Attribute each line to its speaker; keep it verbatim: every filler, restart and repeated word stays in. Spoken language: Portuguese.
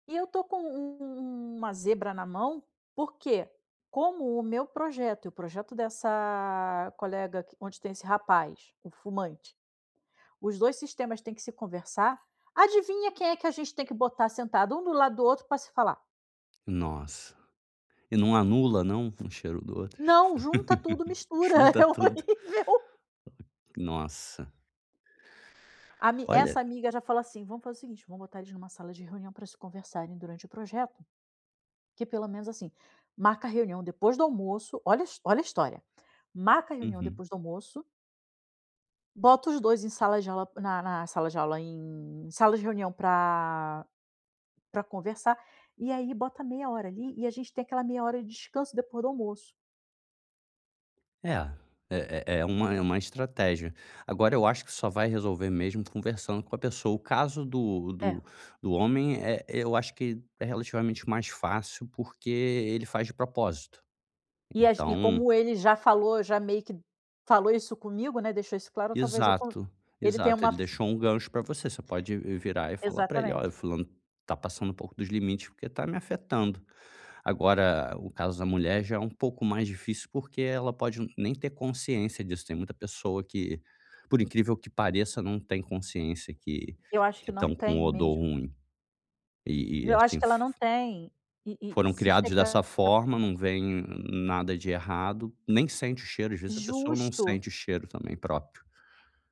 Speaker 1: E eu estou com u u uma zebra na mão, porque como o meu projeto e o projeto dessa colega onde tem esse rapaz, o fumante, os dois sistemas têm que se conversar, adivinha quem é que a gente tem que botar sentado um do lado do outro pra se falar?
Speaker 2: Nossa. E não anula não, um o cheiro do outro?
Speaker 1: Não, junta tudo, mistura,
Speaker 2: Junta
Speaker 1: é
Speaker 2: tudo.
Speaker 1: horrível.
Speaker 2: Nossa.
Speaker 1: Ami
Speaker 2: Olha.
Speaker 1: essa amiga já fala assim: "Vamos fazer o seguinte, vamos botar eles numa sala de reunião pra se conversarem durante o projeto. Que pelo menos assim, marca a reunião depois do almoço", olha olha a história, "Marca a reunião
Speaker 2: Uhum.
Speaker 1: depois do almoço" "bota os dois em sala de aula na na sala de aula em sala de reunião pra pra conversar, e aí bota meia hora ali, e a gente tem aquela meia hora de descanso depois do almoço".
Speaker 2: É, é é é uma é uma estratégia. Agora eu acho que só vai resolver mesmo conversando com a pessoa. O caso do
Speaker 1: É.
Speaker 2: do do homem é eu acho que é relativamente mais fácil, porque ele faz de propósito.
Speaker 1: E as e
Speaker 2: Então
Speaker 1: como ele já falou já meio que falou isso comigo, né, deixou isso claro talvez eu
Speaker 2: Exato,
Speaker 1: ele tenha
Speaker 2: exato,
Speaker 1: uma
Speaker 2: ele
Speaker 1: f
Speaker 2: deixou um gancho pra você, você pode virar e falar pra ele: "Olha, o
Speaker 1: Exatamente.
Speaker 2: fulano tá passando um pouco dos limites porque tá me afetando". Agora o caso da mulher já é um pouco mais difícil, porque ela pode nem ter consciência disso, tem muita pessoa que, por incrível que pareça, não tem consciência que
Speaker 1: Eu acho
Speaker 2: que
Speaker 1: que não
Speaker 2: estão com
Speaker 1: tem
Speaker 2: odor
Speaker 1: mesmo.
Speaker 2: ruim e e
Speaker 1: Eu acho
Speaker 2: assim
Speaker 1: que ela não
Speaker 2: f
Speaker 1: tem, e e
Speaker 2: foram
Speaker 1: se
Speaker 2: criados dessa
Speaker 1: chegar
Speaker 2: forma, não veem nada de errado, nem sente o cheiro, às vezes, a pessoa não
Speaker 1: Justo.
Speaker 2: sente o cheiro também próprio.